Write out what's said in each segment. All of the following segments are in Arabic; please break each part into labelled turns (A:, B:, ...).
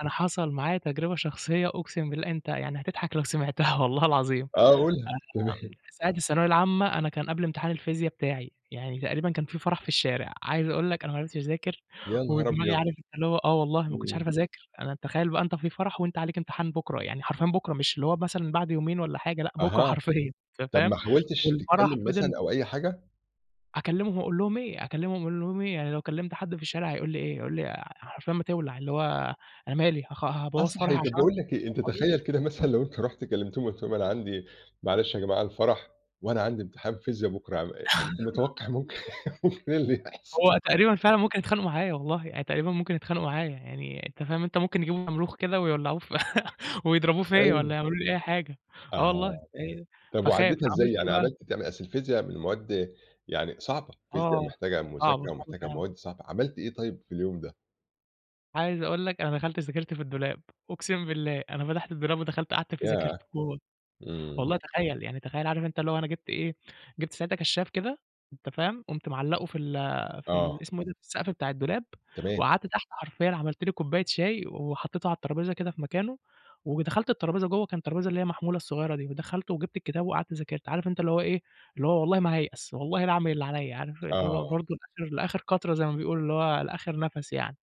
A: أنا حصل معايا تجربة شخصية، أُقسِم بالله أنت يعني هتضحك لو سمعتها والله العظيم.
B: آه قُلها،
A: آمم،
B: تمام.
A: ساعة الثانوية العامة أنا كان قبل امتحان الفيزيا بتاعي، يعني تقريبًا كان في فرح في الشارع، عايز أقول لك أنا ما عرفتش أذاكر،
B: يا نهار
A: ودماغي
B: أبيض!
A: عارف اللي هو آه، والله ما كنتش
B: إمم.
A: عارف أذاكر، أنا تخيّل بَقى أنت في فرح وأنت عليك امتحان بُكرا، يعني حرفيًا بُكرا مش اللي هو مثلًا بعد يومين والّا حاجة، لأ بُكرا
B: أها،
A: حرفيًا أنت
B: طب
A: فاهم؟
B: ما حاولتش
A: والفرح
B: تتكلّم مثلًا
A: فِضِل
B: أو أي حاجة؟
A: أكلّمهم أقول لهم إيه، أكلّمهم أقول لهم إيه! يعني لو كلّمت حد في الشارع هيقول لي إيه، هيقول لي حرفيًا ما تِولع، اللي هو أنا مالي! هخ
B: آه،
A: هابوَّظ فرحي
B: صحيح طب
A: عشان
B: باقول لك إيه، أنت
A: [unintelligible]
B: تخيّل كده مثلًا لو أنت رُحت كلّمتهم قُلت لهم أنا عندي معلش يا جماعة الفرح وأنا عندي امتحان فيزيا بُكرا، ع م متوقع ممكن ممكن إيه اللي يحصل؟
A: هو تقريبًا فعلًا ممكن يتخانقوا معايا والله، يعني تقريبًا ممكن يتخانقوا معايا، يعني أنت فاهم أنت ممكن يجيبوا شمروخ كده ويولعوه في ويضربوه فيّا والّا
B: أيوه.
A: يعملوا لي أي حاجة، آه والله،
B: أها،
A: أ
B: طب
A: فاخاف،
B: وعدّيتها إزاي،
A: عملت إيه
B: يعني
A: بَقى؟
B: عملت ت أصل الفيزيا من المواد يعني صعبة، فيزيا
A: آه،
B: محتاجة
A: صعبة،
B: مذاكرة
A: صعبة
B: ومحتاجة
A: فعلًا.
B: مواد صعبة، عملت إيه طيب في اليوم ده؟
A: عايز أقول لك أنا دخلت ذاكرت في الدولاب، أُقسِم بالله أنا فتحت الدولاب ودخلت قعدت فيه ذاكرت
B: ياه!
A: جوّه،
B: إمم.
A: والله تخيّل يعني تخيّل عارف أنت اللي هو أنا جبت إيه، جبت ساعتها كشّاف كده، أنت فاهم؟ قُمت معلَّقُه في ال في ال
B: آه.
A: اسمه إيه ده، في السقف بتاع الدولاب
B: تمام.
A: وقعدت تحت حرفيًا عملت لي كوباية شاي وحطيته على الترابيزة كده في مكانه، ودخلت الترابيزة جُوّه، كانت الترابيزة اللي هي المحمولة الصغيّرة دي، ودخلت وجبت الكتاب وقعدت ذاكرت. عارف أنت اللي هو إيه، اللي هو والله ما هايأس والله لاعمل اللي عليَّ، عارف اللي هو
B: آه.
A: برضه لآخر لآخر قطرة زي ما بيقولوا اللي هو لآخر نَفَس يعني،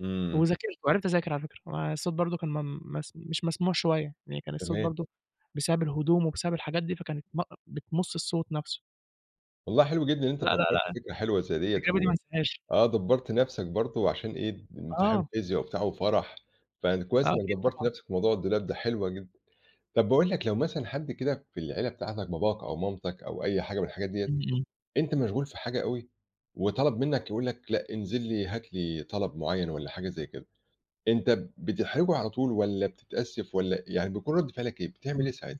B: إمم.
A: وذاكرت، وعِرفت اذاكر على فكرة، آآ، الصوت برضه كان م مس مش مسموع شوية، يعني كان الصوت
B: تمام.
A: برضه بسبب الهدوم وبسبب الحاجات دي فكانت ب أأ بتمص الصوت نَفْسه.
B: والله حلو جدًا إن أنت
A: لأ، لأ،
B: فكرت
A: لأ،
B: فكرة حلوة زي ديّة
A: التجربة دي ما
B: و
A: انساهاش.
B: آه، دبَّرت نفْسك برضه عشان إيه، امتحان
A: آه.
B: فيزيا وبتاع وفرح،
A: آه،
B: فكويس إنك
A: أكيد
B: دبَّرت
A: طبعًا.
B: نفْسك في موضوع الدولاب ده، حلوة جدًا. طب باقول لك لو مثلًا حد كده في العيلة بتاعتك باباك أو مامتك أو أي حاجة من الحاجات ديّة،
A: إمم، إمم.
B: أنت مشغول في حاجة أوي، وطلب منك يقول لك لأ انزل لي، هات لي طلب معيّن والّا حاجة زي كده، أنت بتحرجه على طول والّا بتتأسف والّا يعني بيكون رد فعلك إيه؟ بتعمل إيه ساعتها؟
A: [unintelligible]